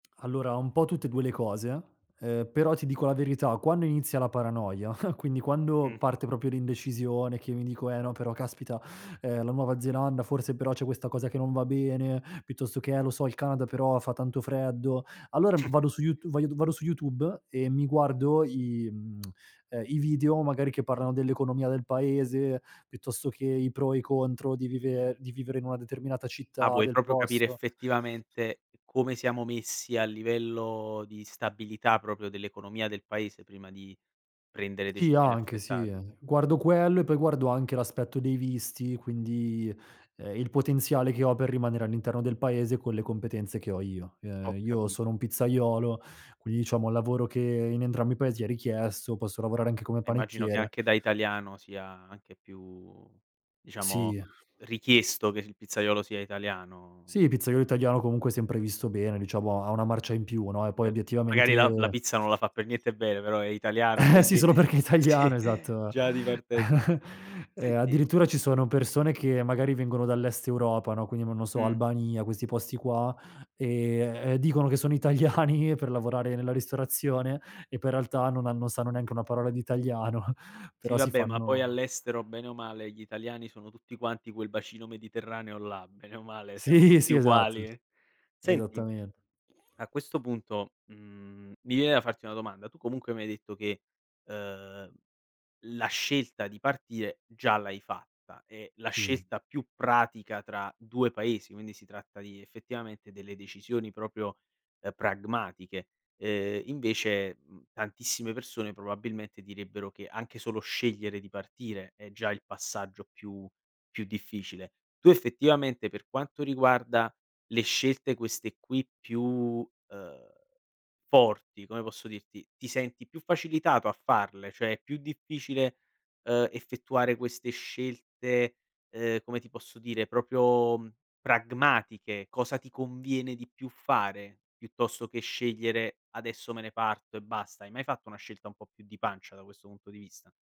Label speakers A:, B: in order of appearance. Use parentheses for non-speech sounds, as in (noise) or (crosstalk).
A: Allora un po' tutte e 2 le cose, ehm, però ti dico la verità, quando inizia la paranoia, (chuckles) quindi quando
B: Mh.
A: parte proprio l'indecisione che io mi dico: "Eh no, però caspita, ehm, la nuova Zelanda, forse però c'è questa cosa che non va bene", piuttosto che "Eh lo so, il Canada, però fa tanto freddo". Allora
B: Mh.
A: vado su YouTu voglio d vado su YouTube e mi guardo i, mhmm, (smacks lips) ehm, i video magari che parlano dell'economia del Paese, piuttosto che i pro e i contro di vive di vivere in una determinata
B: Ah,
A: città
B: vuoi
A: del
B: proprio capire
A: posto.
B: effettivamente come siamo messi a livello di stabilità, proprio dell'economia del Paese, prima di prendere
A: Sì,
B: decisioni
A: anche, sì,
B: affrettate?
A: ehm, guardo quello e poi guardo anche l'aspetto dei visti, quindi, ehm, il potenziale che ho per rimanere all'interno del Paese con le competenze che ho io. Che
B: Ho
A: io sono
B: capito.
A: un pizzaiolo, quindi diciamo lavoro che in entrambi i Paesi è richiesto, posso lavorare anche come
B: Eh, immagino che
A: panettiere.
B: anche da italiano sia anche più diciamo
A: Sì.
B: richiesto che il pizzaiolo sia italiano,
A: Sì,
B: poi
A: pizzaiolo
B: non so.
A: italiano comunque è sempre visto bene, diciamo, ha una marcia in più, no, e poi
B: Cer magari la la
A: obiettivamente
B: pizza non la fa per niente bene, però è italiano
A: Eh sì,
B: quindi.
A: solo perché è
B: Sì,
A: italiano, esatto.
B: già di partenza.
A: (chuckles) Ehm,
B: Senti
A: addirittura ci sono persone che, magari vengono dall'Est Europa, no, quindi mò non so,
B: Mh.
A: Albania, questi posti qua, e, ehm, dicono che sono italiani per lavorare nella ristorazione e poi in realtà non han non sanno neanche una parola di italiano,
B: Sì
A: però si
B: vabbè, ma poi
A: fanno
B: all'estero bene o male gli italiani sono tutti quanti quel bacino mediterraneo là, bene o male, siamo
A: Sì,
B: tutti
A: sì, esatto.
B: uguali. Senti,
A: Esattamen
B: a questo punto, mhmm, mi viene da farti una domanda: tu comunque mi hai detto che, ehm, la scelta di partire già l'hai fatta, e la
A: Sì.
B: scelta più pratica tra 2 Paesi, quindi si tratta di effettivamente delle decisioni proprio, uhm, pragmatiche, ehm, invece, uhm, tantissime persone probabilmente direbbero che anche solo scegliere di partire è già il passaggio più più difficile. Tu effettivamente, per quanto riguarda le scelte queste qui più, ehm, forti, come posso dirti, ti senti più facilitato a farle, cioè è più difficile, ehm, effettuare queste scelte, ehm, come ti posso dire, proprio, uhm, pragmatiche? Cosa ti conviene di più fare, piuttosto che scegliere: "Adesso me ne parto e basta." Hai mai fatto una scelta un po' più di pancia, da questo punto di vista?